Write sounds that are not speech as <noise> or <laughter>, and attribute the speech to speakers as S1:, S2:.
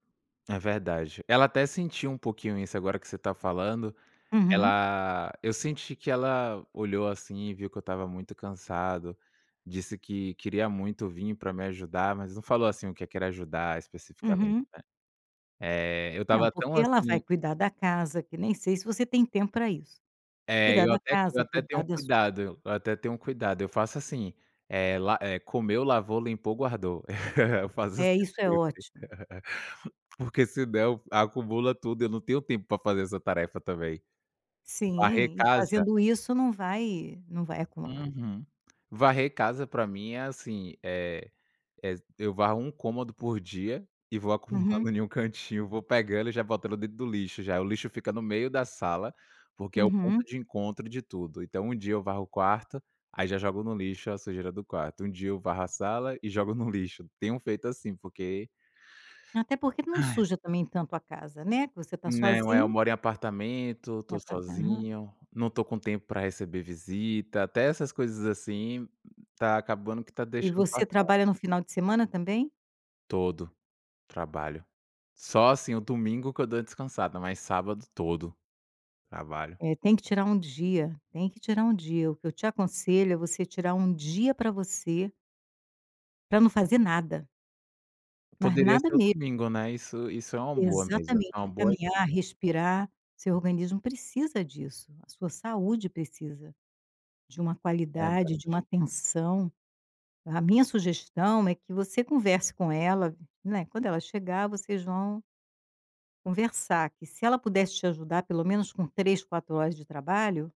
S1: É verdade. Ela até sentiu um pouquinho isso, agora que você tá falando,
S2: Uhum.
S1: ela eu senti que ela olhou, assim, e viu que eu estava muito cansado, disse que queria muito vir pra me ajudar, mas não falou, assim, o que que era ajudar especificamente,
S2: Uhum.
S1: né. Eh, eu
S2: Não,
S1: tava tão,
S2: porque ela vai
S1: assim
S2: cuidar da casa que nem sei se você tem tempo pra isso.
S1: É,
S2: Cuidar
S1: eu
S2: da
S1: até eu
S2: casa,
S1: até tenho
S2: cuidar
S1: um
S2: da su
S1: cuidado, eu até tenho um cuidado, eu faço assim, eh, la eh, comeu, lavou, limpou, guardou. <laughs> Eu faço assim
S2: É, isso é
S1: sempre.
S2: ótimo.
S1: <laughs> Porque senão acumula tudo, eu não tenho tempo pra fazer essa tarefa também. Varrer
S2: Sim. E
S1: casa
S2: fazendo isso não vai não vai acumular.
S1: Uhum. Varrer casa pra mim é, assim, eh, ex eu varro um cômodo por dia e vou
S2: Uhum.
S1: acumulando em um cantinho, vou pegando e já botando dentro do lixo já. O lixo fica no meio da sala, porque é o ponto
S2: Uhum.
S1: de encontro de tudo. Então um dia eu varro o quarto, aí já jogo no lixo a sujeira do quarto, um dia eu varro a sala e jogo no lixo. Tenho feito assim, porque
S2: Até porque não
S1: Ai!
S2: suja também tanto a casa, né, que você tá
S1: Não, é, eu
S2: sozinho.
S1: moro em apartamento, tô
S2: No apartamen
S1: sozinho, não tô com tempo pra receber visita, até essas coisas, assim, tá acabando que tá
S2: E
S1: deixando
S2: você
S1: passar.
S2: trabalha no final de semana também?
S1: Todo, trabalho. Só, assim, o domingo que eu dou a descansada, mas sábado todo, trabalho.
S2: É, tem que tirar um dia, tem que tirar um dia. O que eu te aconselho é você tirar um dia pra você pra não fazer nada. Mas
S1: Poderia
S2: nada
S1: ser o
S2: me
S1: domingo, né. Isso isso é uma boa mesmo, foi uma
S2: Exatamente. É
S1: boa
S2: caminhar,
S1: dica.
S2: respirar, seu organismo precisa disso, a sua saúde precisa de uma qualidade, de
S1: Verdade.
S2: uma atenção. A minha sugestão é que você converse com ela, né, quando ela chegar vocês vão conversar, que se ela pudesse te ajudar pelo menos com 3, 4 horas de trabalho